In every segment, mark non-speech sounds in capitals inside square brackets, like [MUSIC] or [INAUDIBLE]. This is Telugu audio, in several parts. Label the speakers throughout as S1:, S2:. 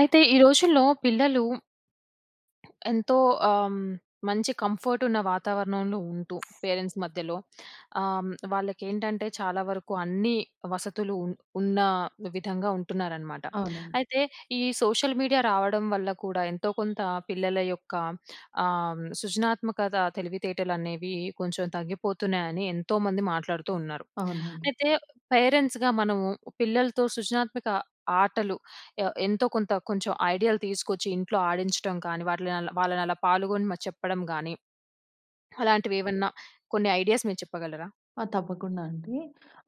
S1: అయితే, ఈ రోజుల్లో పిల్లలు ఎంతో ఆహ్, హ్మ్, మంచి కంఫర్టున్న వాతావరణంలో ఉంటూ పేరెంట్స్ మధ్యలో ఆహ్, హ్మ్, వాళ్ళకేంటంటే, చాలా వరకు అన్నీ వసతులు ఉన్ ఉన్నా విధంగా ఉంటున్నారనమాట.
S2: అవునండి.
S1: అయితే, ఈ సోషల్ మీడియా రావడం వల్ల కూడా ఎంతో కొంత పిల్లల యొక్క ఆహ్, సృజనాత్మకతా తెలివితేటలనేవీ కొంచుం తగ్గిపోతున్నాయని ఎంతోమంది మాట్లాడుతూ ఉన్నారు.
S2: అవునవును.
S1: అయితే, పేరెంట్స్‌గా మనము ఉ పిల్లలతో సృజనాత్మక ఆటలు య ఎంతో కొంత కొంచెం ఐడియాలు తీసుకొచ్చి ఇంట్లో ఆడించటం కానీ, వాటిల్లోనలా వాళ్ళనలా పాల్గొని మ చెప్పడం గానీ, అలాంటివేవనా కొన్ని ఐడియాస్ మీరు చెప్పగలరా?
S2: ఆ! తప్పకుండా అండీ.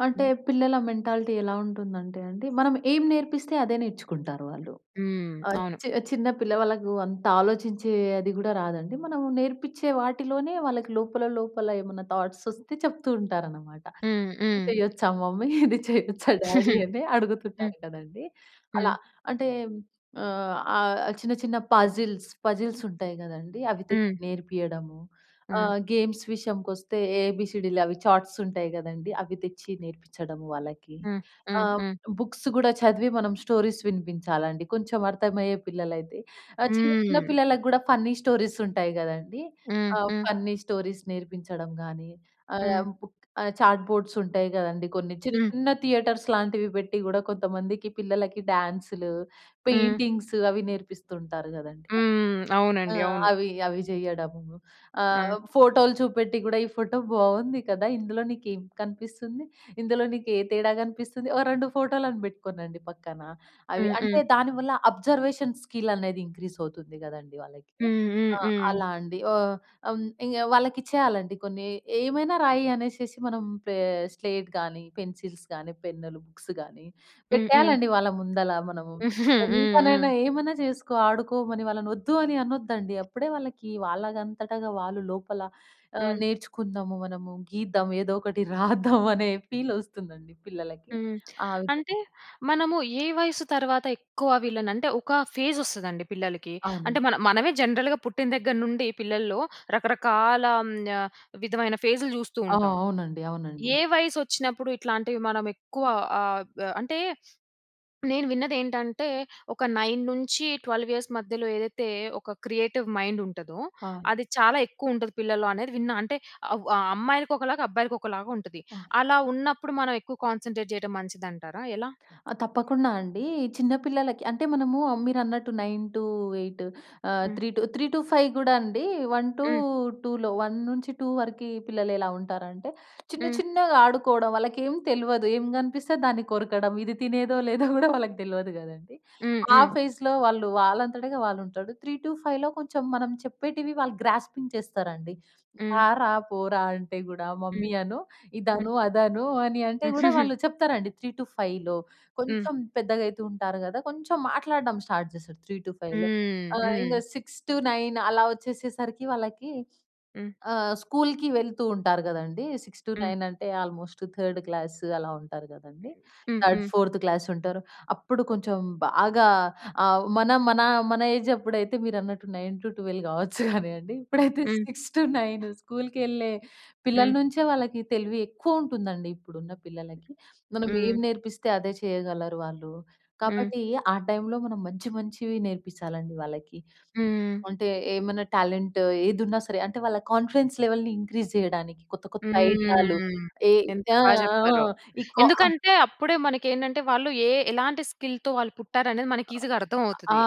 S2: అంటే,
S1: హ్మ్.
S2: పిల్లల మెంటాలిటీ ఎలా ఉంటుందంటే అండి, మనం ఏం నేర్పిస్తే అదే నేర్చుకుంటారు వాళ్ళు.
S1: హ్మ్.
S2: ఆహ్,
S1: అవును.
S2: చి చిన్న పిల్ల వాళ్ళకూ అంత ఆలోచించే అది గూడా రాదండి. మనం నేర్పిచ్చే వాటిలోనే వాళ్ళకి లోపల, లోపల ఏమన్నా థాట్సొస్తే చెప్తూ ఉంటారనమాట.
S1: హ్మ్.
S2: ఇది
S1: హ్మ్.
S2: చెయ్యొచ్చా మమ్మీ? ఇది చెయ్యొచ్చా డ్యాడీ?
S1: [CHUCKLES]
S2: అని
S1: హ్మ్.
S2: అడుగుతుంటారు గదండీ, అలా.
S1: హ్మ్.
S2: అంటే, ఆహ్, ఆహ్, చిన్న, చిన్న పజిల్స్ పజిల్సుంటాయి గదండీ అవి తెచ్చి
S1: హ్మ్.
S2: నేర్పియడము.
S1: హ్మ్.
S2: ఆహ్, గేమ్స్ విషయంకొస్తే, ఏబీసీడీలు అవి చార్ట్సుంటాయి గదండీ, అవి తెచ్చి నేర్పించ్చడము వాళ్ళకి.
S1: హ్మ్. హ్మ్.
S2: ఆహ్,
S1: హ్మ్.
S2: బుక్స్ గూడా చదివి, మనం స్టోరీస్ వినిపించాలండి, కొంచమర్థమయ్యే పిల్లలైతే. ఆహ్, చిన్న, చిన్న
S1: హ్మ్.
S2: పిల్లలకు గూడా ఫన్నీ స్టోరీసుంటాయి గదండీ,
S1: హ్మ్.
S2: ఆహ్,
S1: హ్మ్.
S2: ఫన్నీ స్టోరీస్ నేర్పించడం గానీ, ఆహ్,
S1: హ్మ్.
S2: బుక్ ఆహ్, చాట్‌బోడ్సుంటాయి గదండీ, కొన్ని
S1: హ్మ్.
S2: చిన్న థియేటర్స్ లాంటివి పెట్టి కూడా కొంతమందికి పిల్లలకి డ్యాన్సులు,
S1: హ్మ్.
S2: పెయింటింగ్సు అవి నేర్పిస్తుంటారు గదండీ.
S1: హ్మ్. హ్మ్.
S2: ఆ!
S1: అవునండి. అవును.
S2: అవి అవి జెయ్యడము. ఆహ్,
S1: హ్మ్.
S2: ఫోటోలు చూపెట్టి గూడా, ఈ ఫోటో బావుంది కదా! ఇందులో నీకేం కనిపిస్తుంది, ఇందులో నీకు ఏ తేడా గనిపిస్తుంది? ఓ 2 ఫోటోలను పెట్టుకోనండి పక్కన. అవి
S1: హ్మ్. హ్మ్.
S2: అంటే, దాని వల్ల అబ్జర్వేషన్ స్కిల్లనేది ఇంక్రీజవుతుంది గదండీ వాళ్ళకి.
S1: హ్మ్. హ్మ్.
S2: ఆ!
S1: హ్మ్.
S2: అలా అండి. ఓ హ్మ్. ఇంగ వాళ్ళకిచ్చేయాలండి కొన్ని. ఏమైనా రాయి అనేసేసి మనం పే స్లేట్ గానీ, పెన్సిల్స్ గానీ, పెన్నులు, బుక్స్ గానీ,
S1: హ్మ్. హ్మ్.
S2: పెట్టేయాలండి వాళ్ళ ముందల మనము.
S1: [CHUCKLES] హ్మ్. హ్మ్.
S2: ఎంతనైనా ఏమైనా చేసుకో ఆడుకోమని, వాళ్ళనొద్దు అని అనొద్దండి. అప్పుడే వాళ్ళకీ వాళ్ళంగంతటగా వాళ్ళు లోపల ఆహ్,
S1: హ్మ్.
S2: నేర్చుకుందాము మనము, గీద్దాం, ఏదో ఒకటి రాద్దాం అనే ఫీలొస్తుందండి పిల్లలకి,
S1: హ్మ్.
S2: ఆ
S1: అంటే,
S2: విధంగా.
S1: మనము ఏ వయసు తర్వాత ఎక్కువ వీళ్ళని అంటే, ఒకా ఫేజొస్తదండి పిల్లలకి.
S2: అవునండి.
S1: అంటే, మన మనమే జనరల్‌గా పుట్టిన దగ్గర నుండి పిల్లల్లో రకరకాల ఆహ్, య విధమైన ఫేజ్‌లు జూస్తూ
S2: ఆ!
S1: ఉంటాం.
S2: అవునండి. అవునండి.
S1: ఏ వయసొచ్చినప్పుడు ఇట్లాంటివి మనం ఎక్కువ ఆహ్, బ్ అంటే, నేను విన్నదేంటంటే, ఒక 9-12 ఇయర్స్ మధ్యలో ఏదైతే, ఒక క్రియేటివ్ మైండుంటదో,
S2: ఆ!
S1: అది చాలా ఎక్కువుంటది పిల్లల్లో అనేది విన్నా. అంటే, అవ్ ఆహ్, అమ్మాయిలకొకలాగా, అబ్బాయిలకొకలాగా ఉంటది.
S2: ఆ!
S1: అలా ఉన్నప్పుడు మనవెక్కువ కాన్సంట్రేట్ చెయటం మంచిదంటారా? ఎలా?
S2: ఆ! తప్పకుండా అండీ. చిన్న పిల్లలకి అంటే, మనమూ ఆహ్, మీరన్నట్టు 9-8 ఆహ్,
S1: హ్మ్.
S2: 3 టు 3-5 గూడా అండీ. వన్ టు
S1: హ్మ్.
S2: టూలో, 1-2 వరికీ పిల్లలెలా ఉంటారంటే, చిన్న,
S1: హ్మ్.
S2: చిన్నగా ఆడుకోడం, వాళ్ళకేం తెల్వదు, ఏం గనిపిస్తే దాన్ని కొరకడం, ఇది తినేదో, లేదో గూడా వాళ్ళకి తెల్వదు గదండీ.
S1: హ్మ్.
S2: ఆ
S1: హ్మ్.
S2: ఫేజ్‌లో వాళ్ళూ, వాళ్ళంతటగా వాళ్ళుంటారు. 3-5లో కొంచం మనం చెప్పేటివి వాళ్ళు గ్రాస్పింగ్ చేస్తారండి.
S1: హ్మ్.
S2: రారా, పోరా అంటే గూడా,
S1: హ్మ్.
S2: మమ్మీ అను,
S1: హ్మ్.
S2: ఇదను, అదను అని అంటే, గూడా
S1: [GIGGLES]
S2: వాళ్ళు చెప్తారండి 3-5లో.
S1: హ్మ్.
S2: కొంచం పెద్దగయితూ ఉంటారు గదా! కొంచుం మాట్లాడడం స్టార్ట్ చేస్తారు 3-5లో.
S1: హ్మ్.
S2: ఆహ్, ఇంగ
S1: హ్మ్.
S2: 6-9 అలా ఒచ్చేసేసరికి, వాళ్ళకి
S1: హ్మ్.
S2: ఆహ్, స్కూల్‌కి వెళ్తూ ఉంటారు గదండీ. సిక్స్ టు
S1: హ్మ్.
S2: నైన్ అంటే, ఆల్మోస్ట్ థర్డ్ క్లాస్ అలా ఉంటారు గదండీ.
S1: హ్మ్.
S2: థర్డ్,
S1: హ్మ్.
S2: ఫోర్త్ క్లాసుంటారు. అప్పుడు కొంచం బాగా ఆహ్, మనం మన మన ఏజప్పుడైతే, మీరన్నట్టు 9-12 గావచ్చు గానీయండి. ఇప్పుడైతే
S1: హ్మ్.
S2: 6-9 స్కూల్‌కెళ్ళే పిల్లల
S1: హ్మ్.
S2: నుంచే వాళ్ళకి తెలివి ఎక్కువుంటుందండి. ఇప్పుడున్న పిల్లలకి, మనం ఏం
S1: హ్మ్.
S2: నేర్పిస్తే అదే చెయ్యగలరు వాళ్ళూ.
S1: హ్మ్.
S2: కాబట్టి, ఆ టైమ్‌లో మనం మంచి, మంచివి నేర్పిచ్చాలండి వాళ్ళకి.
S1: హ్మ్.
S2: అంటే, ఏమైనా టాలెంట్ ఏదున్నా సరే. అంటే, వాళ్ళ కాన్ఫిడెన్స్ లెవెల్‌ని ఇంక్రీజ్ జెయడానికి కొత్త, కొత్త ఐడియాలు,
S1: హ్మ్.
S2: ఏ
S1: ఎంత
S2: చా ఆ!
S1: బా చెప్పారో.
S2: ఆ! ఈ కో ఆహ్
S1: ఎందుకంటే, అప్పుడే మనకేంటంటే, వాళ్ళు ఏ ఎలాంటి స్కిల్‌తో వాళ్ళు పుట్టారనేది
S2: ఆ!
S1: మనకి ఈసీగా
S2: ఆ! ఆ!
S1: అర్థమవుతది,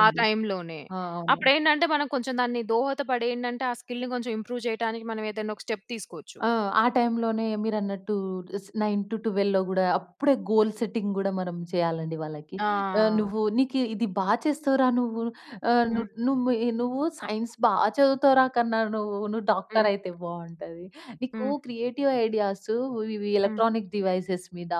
S1: ఆ టైమ్‌లోనే.
S2: ఆ! అవునండి.
S1: అప్పుడేంటంటే, మనం కొంచం దాన్ని దోహదపడేయేంటంటే, ఆ స్కిల్‌ని కొంచం ఇంప్రూవ్ చెయటానికి మనవేదన్నా ఒక స్టెప్ తీసుకోచ్చు.
S2: ఆ! ఆ టైంలోనే మీరన్నట్టూ ఇస్ 9-12లో గూడా అప్పుడే గోల్ సెట్టింగ్ గూడా మనం వ్హెయ్యాలండి వాళ్ళకి. ఆహ్,
S1: ఆ!
S2: నువ్వూ నీకీ ఇది బా చేస్తావురా నువ్వు. ఆహ్, ను
S1: హ్మ్.
S2: నుము ఇ నువ్వు సైన్స్ బా చదువుతావురా కన్నా! నువ్వు నువ్వు
S1: హ్మ్.
S2: డాక్టరయితే బావుంటది. నీకు
S1: హ్మ్.
S2: క్రియేటివ్ ఐడియాసు వ్ ఇవి
S1: హ్మ్.
S2: ఎలక్ట్రానిక్ డివైసెస్ మీద,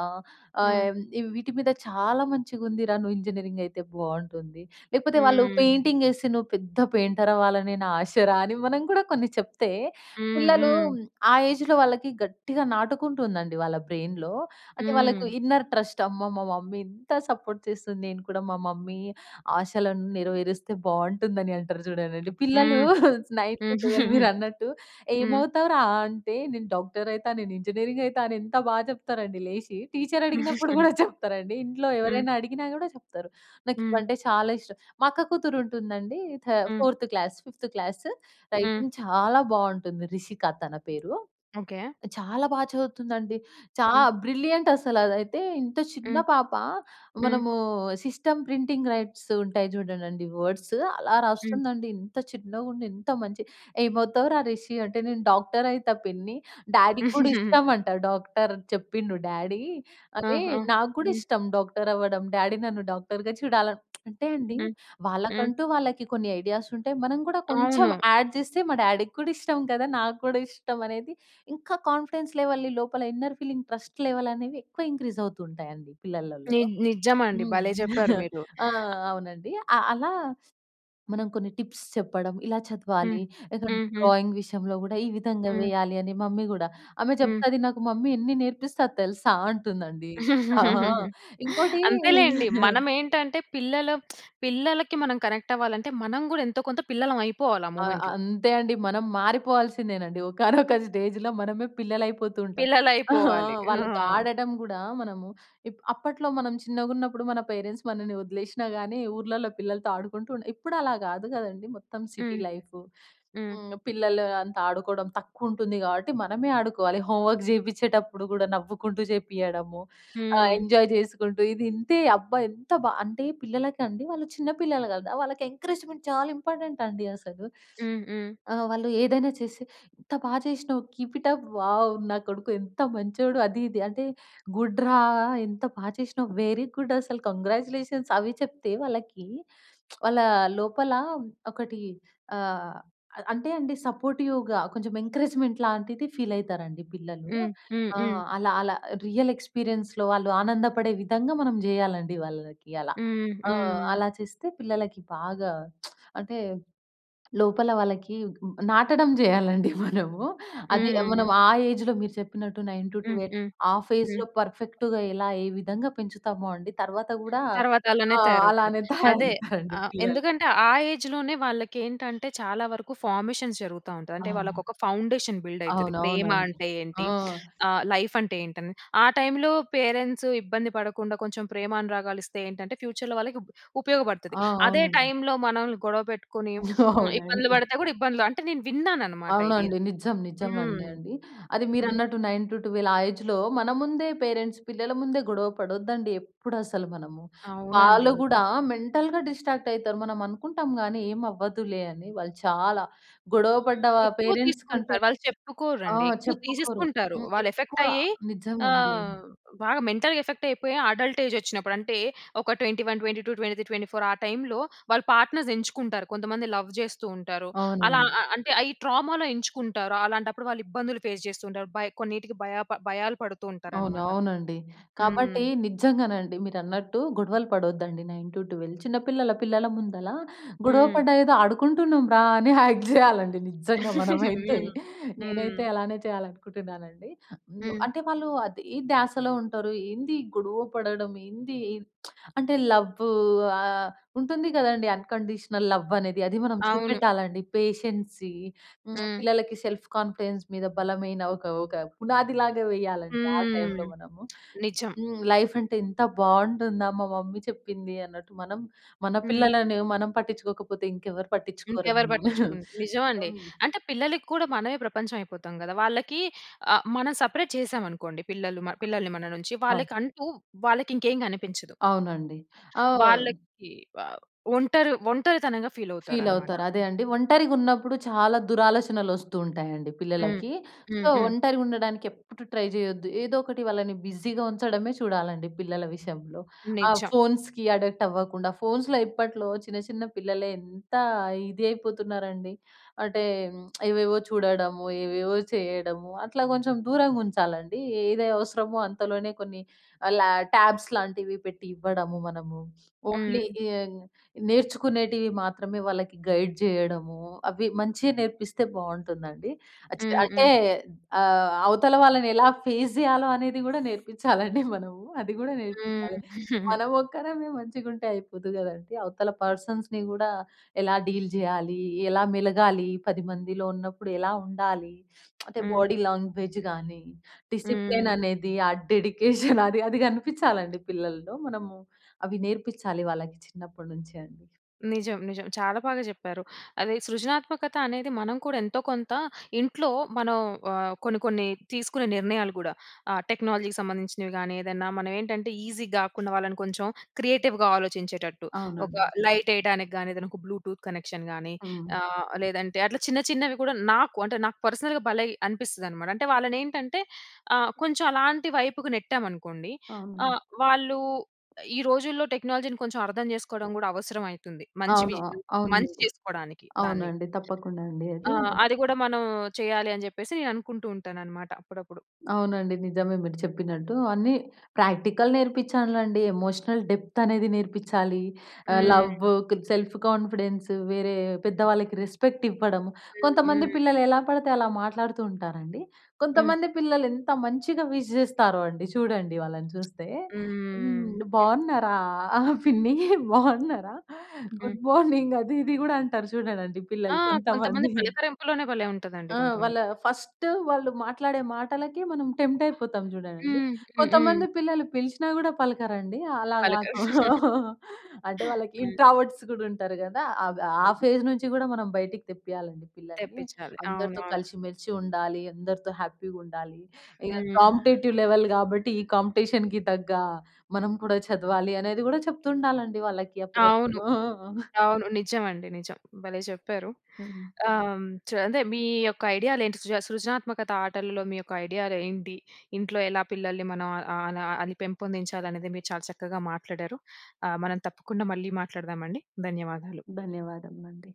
S1: హ్మ్.
S2: ఆహ్ వీటి మీద చాలా మంచిగుందిరా, నువ్వు ఇంజనీరింగయితే బావుంటుంది. లేకపోతే, వాళ్ళు
S1: హ్మ్.
S2: పెయింటింగేసి నువ్వు పెద్ద పెయింటరవ్వాలని నా ఆశరా అని మనం గూడా కొన్ని చెప్తే,
S1: హ్మ్.
S2: పిల్లలూ
S1: హ్మ్.
S2: ఆ ఏజ్‌లో వాళ్ళకి గట్టిగా నాటుకుంటుందండి వాళ్ళ బ్రెయిన్‌లో. అంటే, వాళ్ళకు
S1: హ్మ్.
S2: Inner trust. అమ్మా! మా మమ్మీ ఇంత సపోర్ట్ చేస్తుంది. నేను కూడా మా మమ్మీ ఆశలను నెరవేరిస్తే బావుంటుందని అంటారు జూడండండి. పిల్లలూ
S1: హ్మ్.
S2: 9-12
S1: [GIGGLES]
S2: మీరన్నట్టు
S1: హ్మ్.
S2: ఏమవుతావురా అంటే, నేను డాక్టరయితా, నేనింజినీరింగయితా అని ఎంత బా చెప్తారండి లేసి. టీచరడిగినప్పుడు
S1: [CHUCKLES]
S2: గూడా చెప్తారండి. ఇంట్లో
S1: హ్మ్.
S2: ఎవరైనా అడిగినా గూడా జెప్తారు.
S1: హ్మ్.
S2: నాకివంటే చాలా ఇష్టం మా అక్క కూతురుంటుందండి. థ
S1: హ్మ్.
S2: Fourth class fifth class.
S1: హ్మ్.
S2: రైటింగ్ చాలా బావుంటుంది. రిషిక తన పేరు.
S1: ఓకే.
S2: చాలా బా చదువుతుందండి. చా
S1: హ్మ్.
S2: బ్రిలియంటసలదైతే, ఇంత చిన్న
S1: హ్మ్.
S2: పాప,
S1: హ్మ్.
S2: మనమూ సిస్టమ్ ప్రింటింగ్ రైట్స్ ఉంటాయి జూడండండి వర్డ్సు అలా
S1: హ్మ్.
S2: రాస్తుందండి. ఇంత చిన్నగుండి, ఇంత మంచి ఏమవుతావురా రిషి అంటే, నేను డాక్టరయితా పిన్ని. డ్యాడీకి గూడా
S1: [GIGGLES]
S2: ఇష్టమంట డాక్టర్, చెప్పిండు డ్యాడీ
S1: ఆ!
S2: అదే,
S1: ఆ!
S2: నాకు గూడా
S1: హ్మ్.
S2: ఇష్టం డాక్టరవ్వడం. డ్యాడీ నన్ను డాక్టర్‌గా చూడాల్ అంటే అండీ,
S1: హ్మ్. హ్మ్.
S2: వాళ్ళకంటూ వాళ్ళకి కొన్ని ఐడియాసుంటాయి. మనం గూడా కొంచం
S1: అవును.
S2: యాడ్ జెస్తే, మా డ్యాడీకి కూడా ఇష్టం కదా! నాకు గూడా ఇష్టం అనేది ఇంకా కాన్ఫిడెన్స్ లెవెల్‌ని, లోపల ఇన్నర్ ఫీలింగ్ ట్రస్ట్ లెవెలనేవి ఎక్కువ ఇంక్రీజవుతూ ఉంటాయండి
S1: ని
S2: పిల్లలలలో.
S1: నిజ్జమండి.
S2: హ్మ్.
S1: భలే జెప్పారు
S2: [GIGGLES]
S1: మీరు.
S2: ఆ అవునండి. అ అలా మనం కొన్ని టిప్స్ చెప్పడం, ఇలా
S1: హ్మ్.
S2: చదవాలి, ఏదన్నా
S1: హ్మ్. హ్మ్.
S2: డ్రాయింగ్ విషయంలో గూడా ఈ విధంగా
S1: హ్మ్.
S2: వెయ్యాలి అని. మమ్మీ గూడా, ఆమె
S1: హ్మ్.
S2: చెప్తది నాకు "మమ్మీ ఎన్ని నేర్పిస్తది తెలుసా?" అంటుందండి. ఆహా!
S1: [GIGGLES]
S2: ఇంకోటీ
S1: అంతేలేండి.
S2: [CHUCKLES]
S1: మనమేంటంటే, పిల్లల పిల్లలకి మనం కనెక్టవ్వాలంటే, మనం గూడా ఎంతో కొంత పిల్లలవయిపోవాలి ఆ
S2: ఆ!
S1: మూమెంట్‌లో.
S2: అంతే అండి. మనం మారిపోవాల్సిందేనండి. [GIGGLES] ఒకానొక స్టేజ్‌లో మనమే పిల్లలయిపోతూంటాం. [GIGGLES]
S1: పిల్లలయిపోవాలి.
S2: వాళ్ళతో
S1: ఆ!
S2: ఆడడం గూడా, మనము ఇప్ అప్పట్లో మనం చిన్నగున్నప్పుడు, మన పేరెంట్స్ మనని ఒదిలేషినా గానీ, ఊర్లల్లో పిల్లలతో ఆడుకుంటూ ఉండె. ఇప్పుడలా గాదు గదండీ. మొత్తం సిటీ
S1: హ్మ్.
S2: లైఫు.
S1: హ్మ్.
S2: హ్మ్. పిల్లలు అంతా ఆడుకోడం తక్కువుంటుంది గాబట్టి, మనమే ఆడుకోవాలి. హోమ్ వర్క్ జెపిచ్చేటప్పుడు గూడా, నవ్వుకుంటూ జేపియ్యడము. ఆ!
S1: హ్మ్.
S2: ఎంజాయ్ జెసుకుంటూ, ఇది ఇంతే. అబ్బా! ఎంత బా అంటే, పిల్లలకి అండి, వాళ్ళు చిన్న పిల్లలు గదా! వాళ్ళకి ఎంకరేజ్‌మెంట్ చాలా ఇంపార్టెంటండి అసలు.
S1: హ్మ్. హ్మ్.
S2: ఆహ్, వాళ్ళు ఏదైనా చేసి, ఎంత బా చేసినావు, కీప్ ఇట్ అప్. వావ్! నా కొడుకు ఎంత మంచోడు అది, ఇది అంటే, గుడ్ రా ఎంత బా చేసినావు. వెరీ గుడ్డసలు. కాంగ్రాచ్యులేషన్స్, అవి చెప్తే వాళ్ళకీ, [SMACKS LIPS] వాళ్ళా లోపలా ఒకటీ ఆహ్, అ అంటే అండి సపోర్టివ్‌గా కొంచం ఎంకరేజ్‌మెంట్ లాంటిది ఫీలయితారండి పిల్లలూ.
S1: హ్మ్. హ్మ్. హ్మ్.
S2: ఆహ్, అలా అలా రియల్ ఎక్స్‌పీరియన్స్‌లో వాళ్ళు ఆనందపడే విధంగా మనం జెయ్యాలండి వాళ్ళకి అలా.
S1: హ్మ్.
S2: ఆ!
S1: హ్మ్.
S2: అలా చేస్తే పిల్లలకి బాగా [SMACKS LIPS] అంటే, లోపల వాళ్ళకీగ్ నాటడం జెయ్యాలండి మనము. అదే
S1: హ్మ్.
S2: మనం ఆ ఏజ్‌లో మీరు చెప్పినట్టు నైన్ టు
S1: హ్మ్.
S2: ట్వెల్వ్,
S1: హ్మ్.
S2: ఆ
S1: హ్మ్.
S2: ఫేజ్‌లో పర్ఫెక్ట్‌గా ఎలా ఏ విధంగా పెంచుతామో అండి, తర్వాత గూడా
S1: తర్వాతలానే
S2: అ!
S1: తయారవుతారు.
S2: అలానే
S1: అదే.
S2: తయారవుతారండి
S1: ఆహ్,
S2: పిల్లలు.
S1: ఎందుకంటే, ఆ ఏజ్‌లోనే వాళ్ళకేంటంటే, చాలా వరకు ఫార్మేషన్స్ జరుగుతా ఉంటది. అంటే,
S2: ఆ!
S1: వాళ్ళకొక ఫౌండేషన్ బిల్డయితది. ప్రేమ
S2: అవునవునండి.
S1: అంటే ఏంటి,
S2: ఆ!
S1: [SNIFFS] ఆహ్, లైఫంటే ఏంటని. ఆ టైమ్‌లో పేరెంట్సు ఇబ్బంది పడకుండా కొంచం ప్రేమానురాగాలిస్తే ఏంటంటే, ఫ్యూచర్‌లో వాళ్ళకి ఉప్ ఉపయోగపడతది.
S2: ఆ!
S1: అదే
S2: అవునండి.
S1: టైమ్‌లో మనోళ్ళని గొడవ పెట్టుకొనీ [SNIFFS] హ్మ్, ఇబ్బందులు
S2: అవునండి.
S1: పడితే గూడా ఇబ్బందులు. అంటే, నేను విన్నాననమాట ఇది.
S2: అవునండి. నిజం.
S1: హ్మ్.
S2: నిజమండి అండి. అది
S1: హ్మ్.
S2: మీరన్నట్టు 9-12, ఆ ఏజ్‌లో, మన ముందే పేరెంట్స్, పిల్లల ముందే గొడవ పడొద్దండి ఎప్పుడసలు మనము.
S1: అవునండి.
S2: వాళ్ళు గూడా మెంటల్‌గా డిస్ట్రాక్టయితారు. మనం అనుకుంటాం గానీ, ఏమవ్వదులే అని. వాళ్ళు చాలా, గొడవ పడ్డవా
S1: ఎక్కువ
S2: పేరెంట్స్ కంటే
S1: తీసుకుంటారు. వాళ్ళు
S2: ఆ!
S1: చెప్పుకోరండి, ఎక్కువ
S2: చెప్పుకోరు.
S1: తీసేసుకుంటారు.
S2: హ్మ్. ఎక్కువ
S1: వాళ్ళెఫెక్టయ్యే
S2: నిజమండి.
S1: అహ్, బాగా మెంటల్‌గా ఎఫెక్టయిపోయి, అడల్టేజొచ్చినప్పుడు, అంటే, ఒక 21, 22, 23, 24 ఆ టైమ్‌లో వాళ్ళు పార్ట్నర్సెంచుకుంటారు. కొంతమంది లవ్ జేస్తూ ఉంటారు. అలా
S2: అవునండి.
S1: ఆహ్, ఆహ్, అంటే, అయి ట్రామాలో ఎంచుకుంటారు. అలాంటప్పుడు వాళ్ళు ఇబ్బందులు ఫేస్ చేస్తూ ఉంటారు. భయ్ కొన్నిటికి భయాప భయాలు పడుతూ
S2: అవును.
S1: ఉంటారనమాట.
S2: అవునండి. కాబట్టీ,
S1: హ్మ్.
S2: నిజ్జంగానండి, మీరన్నట్టు గొడవలు పడొద్దండి 9-12. చిన్న పిల్లల పిల్లల ముందలా, గొడవ
S1: హ్మ్.
S2: పడ్డ ఏదో ఆడుకుంటున్నాం రా అని యాక్ట్ జెయ్యాలండి నిజ్జంగా
S1: [GIGGLES]
S2: మనమైతే.
S1: హ్మ్.
S2: నేనైతే
S1: హ్మ్.
S2: అలానే చెయ్యాలనుకుంటున్నానండి.
S1: హ్మ్.
S2: అంటే, వాళ్ళూ అదే ధ్యాసలో ఉంటారు. ఏంది? గొడవ పడడం ఏందీ? [SMACKS LIPS] అంటే, లవ్వు ఆహ్, ఉంటుంది గదండీ, అన్‌కండీషనల్ లవ్వనేది. అది మనం
S1: అవును.
S2: చూపెట్టాలండి. పేషన్సీ, హ్మ్,
S1: హ్మ్.
S2: పిల్లలకి సెల్ఫ్ కాన్ఫిడెన్స్ మీద బలమైన ఒక ఒక పునాదిలాగా వెయ్యాలండి ఆ
S1: హ్మ్.
S2: టైంలో మనము.
S1: నిజం.
S2: హ్మ్. లైఫంటే ఎంత బావుంటుందా మా మమ్మీ చెప్పింది అన్నట్టు మనం, మన
S1: హ్మ్.
S2: పిల్లలని మనం పట్టిచ్చుకోకపోతే ఇంకెవ్వరు
S1: ఇంకెవరు
S2: పట్టించుకోరండి. [GIGGLES]
S1: పట్టించుకున్ నిజవండి. అంటే, పిల్లలకి కూడా మనమే ప్రపంచవయిపోతాం గదా! వాళ్ళకీ ఆహ్, మనం సపరేట్ చేశామనుకోండి, పిల్లలు మ పిల్లల్ని మన నుంచి,
S2: ఆ!
S1: వాళ్ళకంటూ వాళ్ళకింకేం కనిపించదు.
S2: అవునండి. ఆ!
S1: వాళ్ళకి వవ్ ఒంటరు ఒంటరితనంగా ఫీలవుతారనమాట.
S2: ఫీలవుతారు. అదే అండి. ఒంటరిగున్నప్పుడు చాలా దురాలోచనలొస్తుంటాయండి
S1: హ్మ్.
S2: పిల్లలకి.
S1: హ్మ్.
S2: సో,
S1: హ్మ్.
S2: ఒంటరిగుండడానికెప్పుడు ట్రై జెయొద్దు. ఏదో ఒకటి వాళ్ళని బిజీగా ఉంచడమే చూడాలండి పిల్లల విషయంలో. ఆ
S1: నిజం.
S2: ఫోన్స్‌కి అడిక్టవ్వకుండా, ఫోన్స్‌లో ఇప్పట్లో చిన్న చిన్న పిల్లలే ఎంతా ఇది అయిపోతున్నారండి. అంటే, [SMACKS LIPS] ఏవేవో చూడడము, ఏవేవో చెయ్యడము, అట్లా కొంచెం దూరంగుంచాలండీ. ఏది అవసరమో అంతలోనే కొన్ని లా ట్యాబ్స్ లాంటివి పెట్టి ఇవ్వడము మనము. ఓన్లీ
S1: హ్మ్.
S2: ఎయ్ నేర్చుకునేటివి మాత్రమే వాళ్ళకి గైడ్ జెయ్యడము, అవి మంచిగా నేర్పిస్తే బావుంటుందండి. అచి
S1: హ్మ్.
S2: అంటే,
S1: హ్మ్.
S2: ఆహ్, అవతల వాళ్ళని ఎలా ఫేస్ జెయ్యాలో అనేది గూడా నేర్పిచ్చాలండి మనము. అది గూడా
S1: హ్మ్.
S2: నేర్పియ్యాలి.
S1: [CHUCKLES]
S2: మనమొక్కరమే మంచిగుంటే అయిపోదు గదండీ, అవతల పర్సన్స్‌ని గూడా ఎలా డీల్ జెయాలి, ఎలా మెలగాలి, 10 మందిలో ఉన్నప్పుడు ఎలా ఉండాలి, అంటే,
S1: హ్మ్.
S2: బాడీ లాంగ్వేజ్ గానీ, డిసిప్లేన్
S1: హ్మ్.
S2: అనేది, ఆ డెడికేషన్ అది అది గనిపిచ్చాలండి పిల్లల్లో. మనము అవి నేర్పిచ్చాలి వాళ్ళకి చిన్నప్పడు నుంచే అండి.
S1: నిజం. నిజం. చాలా బాగా జెప్పారు. అదే సృజనాత్మకత అనేది మనం కూడా ఎంతో కొంతా, ఇంట్లో మనం ఆహ్, కొన్ని, కొన్ని తీసుకునే నిర్ణయాలు గూడా. ఆహ్, టెక్నాలజీకి సంబంధించినవి గానీ ఏదన్నా, మనవేంటంటే, ఈజీగ గాకుండా, వాళ్ళను కొంచుం క్రియేటివ్‌గా ఆలోచించేటట్టు. ఒక
S2: అవునండి.
S1: లైటెయ్యడానికి గానీ, ఏదన్నొక బ్లూటూత్ కనెక్షన్ గానీ,
S2: హ్మ్.
S1: ఆహ్, లేదంటే అట్లా చిన్న, చిన్నవి గూడా నాకు అంటే, నాకు పర్సనల్‌గా భలే అనిపిస్తదనమాట. అంటే, వాళ్ళనేంటంటే, ఆహ్, కొంచుం అలాంటి వైపుకు నెట్టామనుకోండి,
S2: అవునండి.
S1: ఆహ్, వాళ్ళూ ఈ రోజుల్లో టెక్నాలజీని కొంచం అర్థం చేసుకోడం గూడా అవసరవయితంది. మంచివి
S2: అవును. అవును.
S1: మంచి చేసుకోడానికి దాన్ని.
S2: అవునండి. తప్పకుండా అండి. అదీ
S1: ఆ! అది గూడా మనం చెయ్యాలి అని జెప్పేసి, నే అనుకుంటూ ఉంటాననమాట అప్పుడప్పుడు.
S2: అవునండి. నిజమే. మీరు చెప్పినట్టు అన్నీ ప్రాక్టికల్ నేర్పిచ్చాలండి. ఎమోషనల్ డెప్తనేది నేర్పిచ్చాలి. ఆహ్,
S1: హ్మ్.
S2: లవ్వు, కొద్ సెల్ఫ్ కాన్ఫిడెన్సు, వేరే పెద్దవాళ్ళకి రెస్పెక్టివ్వడం.
S1: హ్మ్.
S2: కొంతమంది
S1: హ్మ్.
S2: పిల్లలు ఎలా పడితే అలా మాట్లాడుతూ ఉంటారండి.
S1: హ్మ్.
S2: కొంతమంది పిల్లలు ఎంత మంచిగా విష్ చేస్తారో అండి. చూడండి, వాళ్ళని చూస్తే
S1: హ్మ్.
S2: హ్మ్. బాగున్నారా పిన్ని? బాగున్నారా?
S1: హ్మ్.
S2: గుడ్ మార్నింగ్ అది ఇది గూడా అంటారు చూడండండి
S1: ఆ!
S2: పిల్లలు
S1: కొంతమంది
S2: కొంతమంది.
S1: పలకరింపులోనే భలే ఉంటదండి
S2: ఆ!
S1: కొంతమంది.
S2: వాళ్ళా ఫస్ట్ వాళ్ళు మాట్లాడే మాటలకి మనం టెంప్టయిపోతాం జూడండండి.
S1: హ్మ్. హ్మ్. హ్మ్.
S2: కొంతమంది పిల్లలు పిలిచినా గూడా పలకరండి. అలా కాక
S1: పలకరు.
S2: అంటే,
S1: [GIGGLES]
S2: వాళ్ళకి
S1: హ్మ్.
S2: ఇంట్రావర్ట్స్ గూడా ఉంటారు గదా! అద్ ఆ
S1: హ్మ్.
S2: ఫేజ్ నుంచి గూడా మనం బయటికి తెప్పియాలండి పిల్లలని.
S1: తెప్పిచ్చాలి.
S2: అందరితో
S1: అవునవును.
S2: కలిసి మెలిసి ఉండాలి, అందరితో హ్యాపీగుండాలి. ఇక
S1: హ్మ్.
S2: కాంపిటేటివ్ లెవెల్ గాబట్టి, ఈ కాంపిటీషన్‌కి తగ్గా, మనం కూడా చదవాలి అనేది గూడా చెప్తుండాలండి వాళ్ళకి అప్పుడప్పుడు.
S1: అవును.
S2: ఆ!
S1: అవును. నిజమండి. నిజం. భలే చెప్పారు.
S2: హ్మ్.
S1: ఆహ్, హ్మ్, చ అదే, మీ యొక్క ఐడియాలేంటి, సృజ సృజనాత్మకత ఆటలలో మీ యొక్క ఐడియాలు ఏంటి, ఇంట్లో ఎలా పిల్లల్ని మనం ఆహ్, ఆహ్, అలా అని పెంపొందించాలనేది మీరు చాలా చక్కగా మాట్లాడారు. ఆహ్, మనం తప్పకుండా మళ్ళీ మాట్లాడదామండి. ధన్యవాదాలు.
S2: ధన్యవాదములండి.